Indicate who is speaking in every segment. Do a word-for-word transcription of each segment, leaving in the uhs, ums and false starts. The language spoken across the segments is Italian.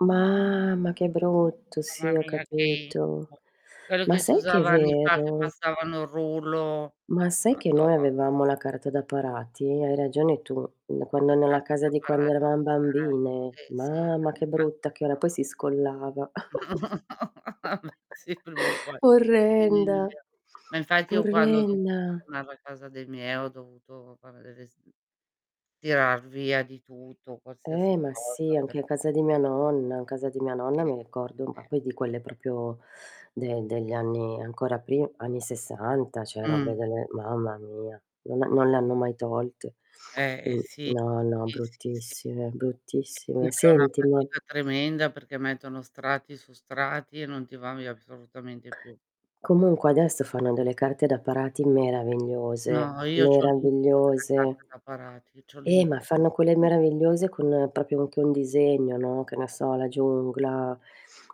Speaker 1: Mamma che brutto.
Speaker 2: Mamma
Speaker 1: Sì, ho
Speaker 2: mia, che
Speaker 1: capito.
Speaker 2: incubo. Quello
Speaker 1: Ma
Speaker 2: che si
Speaker 1: sai che è
Speaker 2: usava anni fa, che
Speaker 1: vero?
Speaker 2: passavano il rullo.
Speaker 1: Ma sai che
Speaker 2: Madò!
Speaker 1: noi avevamo la carta da parati? Hai ragione tu. N quando
Speaker 2: La
Speaker 1: nella
Speaker 2: carta
Speaker 1: casa
Speaker 2: da
Speaker 1: di quando
Speaker 2: parati,
Speaker 1: eravam bambine.
Speaker 2: eh, sì, sì,
Speaker 1: Mamma,
Speaker 2: anni
Speaker 1: che
Speaker 2: fa si
Speaker 1: brutta che era, poi
Speaker 2: usava.
Speaker 1: si scollava.
Speaker 2: No, abè, sì, prima o poi.
Speaker 1: Orrenda,
Speaker 2: [unintelligible] Ma infatti, io quando ho dovuto
Speaker 1: orrenna.
Speaker 2: sistemar la casa dei miei, ho dovuto fare delle s tirar via di tutto,
Speaker 1: Eh,
Speaker 2: qualsiasi
Speaker 1: ma sì,
Speaker 2: cosa per
Speaker 1: anche a casa di mia
Speaker 2: [unintelligible]
Speaker 1: nonna. Casa di mia nonna,
Speaker 2: Sì.
Speaker 1: mi ricordo
Speaker 2: Sì.
Speaker 1: ma poi di quelle propio de degli anni ancora pri anni sessanta, ceh, robe
Speaker 2: Mh.
Speaker 1: delle mamma mia, non ha non le hanno mai tolte.
Speaker 2: Eh,
Speaker 1: Mh.
Speaker 2: sì.
Speaker 1: No, no
Speaker 2: Sì, sì, sì.
Speaker 1: bruttissime,
Speaker 2: [unintelligible] è
Speaker 1: bruttissime.
Speaker 2: una
Speaker 1: Senti ma
Speaker 2: fatica tremenda, perché mettono strati su strati e non ti va via p solutamente più.
Speaker 1: Comunque, adesso fanno delle carte da parati
Speaker 2: No,
Speaker 1: meravigliose,
Speaker 2: io c'ho l'incubo della
Speaker 1: meravigliose.
Speaker 2: carta da parati. C'ho
Speaker 1: Eh,
Speaker 2: l'incubo,
Speaker 1: ma
Speaker 2: c'ho
Speaker 1: fanno quelle
Speaker 2: l'incubo.
Speaker 1: meravigliose con, propio, anche un disegno, no, che ne so, la giungla;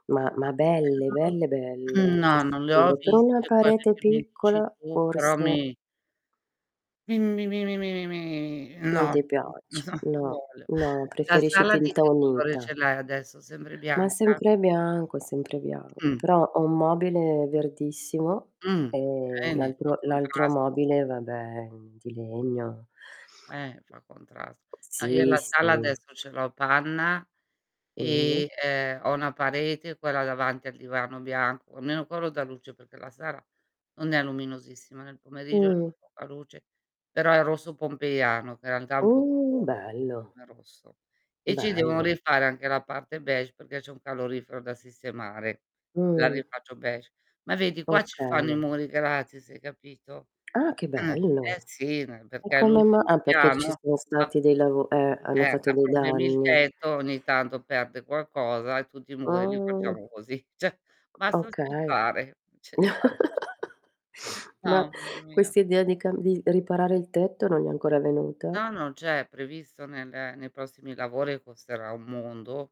Speaker 1: ma ma
Speaker 2: Che
Speaker 1: belle,
Speaker 2: non ho
Speaker 1: belle, belle, ti
Speaker 2: no, non le ho
Speaker 1: assicuro. Però una
Speaker 2: viste quelle
Speaker 1: parete
Speaker 2: che mi dici
Speaker 1: piccola,
Speaker 2: tu, però
Speaker 1: forse
Speaker 2: mi mi mi mi mi mi mi mi
Speaker 1: Non
Speaker 2: no,
Speaker 1: ti
Speaker 2: no
Speaker 1: piace.
Speaker 2: so
Speaker 1: No,
Speaker 2: vuole.
Speaker 1: no
Speaker 2: La
Speaker 1: preferisci
Speaker 2: sala di
Speaker 1: tinta
Speaker 2: che colore
Speaker 1: unita.
Speaker 2: ce l'hai adesso? sembre
Speaker 1: Ma
Speaker 2: bianca?
Speaker 1: sempre bianco e sempre bianco.
Speaker 2: Mh.
Speaker 1: Però, ho un mobile verdissimo
Speaker 2: Mh.
Speaker 1: e l'
Speaker 2: Bene, fa
Speaker 1: altro l'altro
Speaker 2: contrasto.
Speaker 1: mobile, vabbè, mhmm, di legno.
Speaker 2: Eh, fa contrasto. No, io
Speaker 1: Sì,
Speaker 2: la sala
Speaker 1: sì.
Speaker 2: adesso ce l'ho panna e,
Speaker 1: Mh-mh.
Speaker 2: ehm, ho una parete, quella davanti al divano bianco, almeno quello dà luce, perché la sara non è luminosissima, nel pomeriggio c'è
Speaker 1: Mh.
Speaker 2: poca luce, però è rosso pompeiano che i antà è un po'
Speaker 1: Uh,
Speaker 2: scuro
Speaker 1: bello.
Speaker 2: come rosso; e ci devono
Speaker 1: Bello.
Speaker 2: rifare anche la parte beige, perché c'è un calorifero da sistemare, la
Speaker 1: Mh.
Speaker 2: rifaccio beige. Ma vedi, qua ci fanno i
Speaker 1: Okay.
Speaker 2: muri gratis, hai capito,
Speaker 1: Ah, che
Speaker 2: eh, eh,
Speaker 1: bello.
Speaker 2: sì, ne
Speaker 1: E
Speaker 2: perché è
Speaker 1: come ma
Speaker 2: l'ultimo
Speaker 1: ah, perché ci
Speaker 2: piano,
Speaker 1: sono
Speaker 2: ha
Speaker 1: stati dei lavo eh, hanno
Speaker 2: eh,
Speaker 1: fatto
Speaker 2: ha
Speaker 1: dei
Speaker 2: problemi il
Speaker 1: danni.
Speaker 2: tetto, ogni tanto perde qualcosa e tutti i muri li
Speaker 1: Ah!
Speaker 2: facciamo così. ceh, basta
Speaker 1: Okay.
Speaker 2: aspettare, ce li fa c c
Speaker 1: Ma,
Speaker 2: mamma mia.
Speaker 1: quest'idea di cam di riparare il tetto non gli è ancora venuta?
Speaker 2: No, no, c'è, è previsto nel ehm, nei prossimi lavori e costerà un mondo.